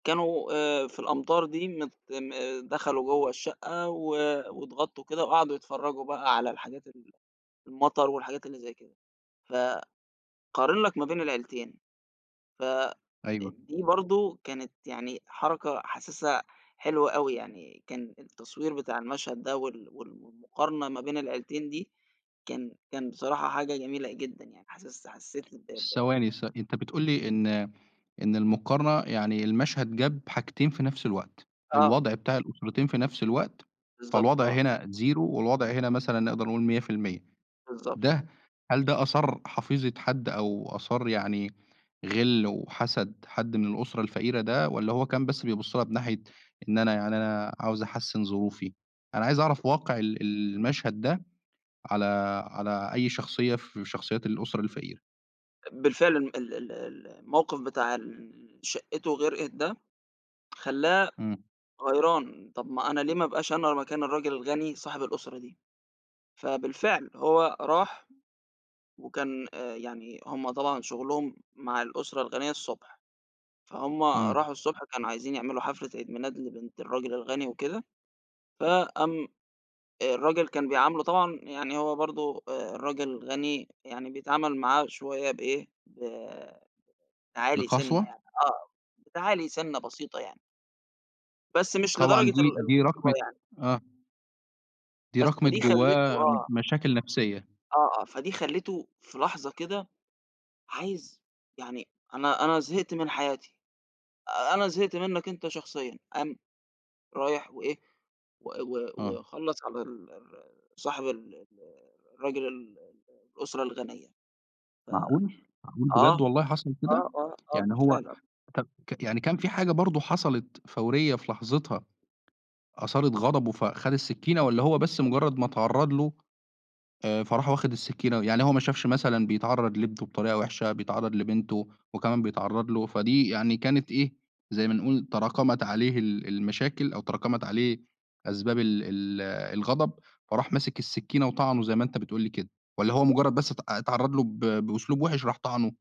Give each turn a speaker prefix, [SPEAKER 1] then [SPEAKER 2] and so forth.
[SPEAKER 1] كانوا آآ في الأمطار دي مت م دخلوا جوّه الشقّة و واتغطّوا كده وقعدوا يتفرّجوا بقى على الحاجات ال المطر والحاجات اللي زي كده. ف قارن لك ما بين العيلتين، ف آآ
[SPEAKER 2] أيوه.
[SPEAKER 1] دي برضه كانت يعني حركة حاسِسها حلوة أوي، يعني كان التصوير بتاع المشهد ده وال وال والمقارنة ما بين العيلتين دي، كان كان بصراحة حاجة جميلة جدًا يعني حاسس حسّيت ب ب
[SPEAKER 2] ثواني ث أنت بتقول لي إن إن المقارنة يعني المشهد جاب حاجتين في نَفْس الوقت.
[SPEAKER 1] آه.
[SPEAKER 2] الوضع بتاع الأسرتين في نَفْس الوقت،
[SPEAKER 1] بالضبط
[SPEAKER 2] فالوضع
[SPEAKER 1] آه.
[SPEAKER 2] هنا Zero والوضع هنا مثلًا نقدر نقول 100%.
[SPEAKER 1] بالضبط.
[SPEAKER 2] ده هل ده أثار حفيظة حد أو أثار يعني غِل وحَسَد حد من الأسرة الفقيرة ده والّا هو كان بس بيبُص لها بناحية إن أنا يعني أنا عاوز أحسّن ظروفي؟ أنا عايز أعرف واقع ال المشهد ده على على أي شخصية ف من شخصيات الأسرة الفقيرة.
[SPEAKER 1] آآ بالفعل م ال ال الموقف بتاع اللي شقِّته غرقت ده خلّاه
[SPEAKER 2] إمم.
[SPEAKER 1] غيران، طَب ما أنا ليه ما أبقاش أنا مكان الراجل الغني صاحب الأسرة دي؟ فبالفعل هو راح وكان آآ يعني هم طبعًا شُغلهم مع الأسرة الغنية الصبح، فهُم
[SPEAKER 2] إمم.
[SPEAKER 1] راحوا الصبح كانوا عايزين يعملوا حفلة عيد ميلاد لبنت الراجل الغني وكده، فقام آآ الراجل كان بيعامله طبعًا يعني هو برضه آآ الراجل غني يعني بيتعامل معاه شوية بإيه، ب تعالي سِنّة
[SPEAKER 2] بقسوة؟
[SPEAKER 1] يعني آه. بتعالي سِنة آه بتعالي سِنّة بسيطة يعني. بس مش لدرجة
[SPEAKER 2] طبعًا
[SPEAKER 1] ال
[SPEAKER 2] دي دي
[SPEAKER 1] القسوة
[SPEAKER 2] راكمت
[SPEAKER 1] يعني.
[SPEAKER 2] آه. دي
[SPEAKER 1] بس،
[SPEAKER 2] راكمت
[SPEAKER 1] فدي خلّته
[SPEAKER 2] جوّاه
[SPEAKER 1] آه.
[SPEAKER 2] مشاكل نفسيّة.
[SPEAKER 1] آه، آه. فدي خلّيته في لحظة كده عايز يعني أنا أنا زهقت من حياتي، أنا زهقت منّك أنت شخصيًا. قام رايح وإيه و و
[SPEAKER 2] آه.
[SPEAKER 1] وخلّص على ال ال ال صاحب ال ال الرجل ال ال الأسرة الغنية. ف
[SPEAKER 2] معقول؟! معقول بجد
[SPEAKER 1] آه.
[SPEAKER 2] والله حصل كده؟!
[SPEAKER 1] آه، آه، آه
[SPEAKER 2] يعني هو
[SPEAKER 1] بالفعل آه.
[SPEAKER 2] طَب ك يعني كان في حاجة برضه حصلت فوريّة في لحظتها أثارت غضبه فخَد السِّكِّينة والّا هو بس مُجرّد ما اتعرّض له، آآ فراح واخد السِّكِّينة؟ يعني هو ما شافش مثلًا بيتعرّض لابنه بطريقة وِحشة، بيتعرّض لبنته وكمان بيتعرّض له، فدي يعني كانت إيه، زي ما نقول تراكمت عليه ال المشاكل أو تراكمت عليه أسباب ال ال الغضب، فراح ماسِك السِّكِّينة وطعنه زي ما أنت بتقول لي كده؟ والّا هو مُجرّد بس ات أ اتعرّض له ب بأسلوب وِحش راح طعنه؟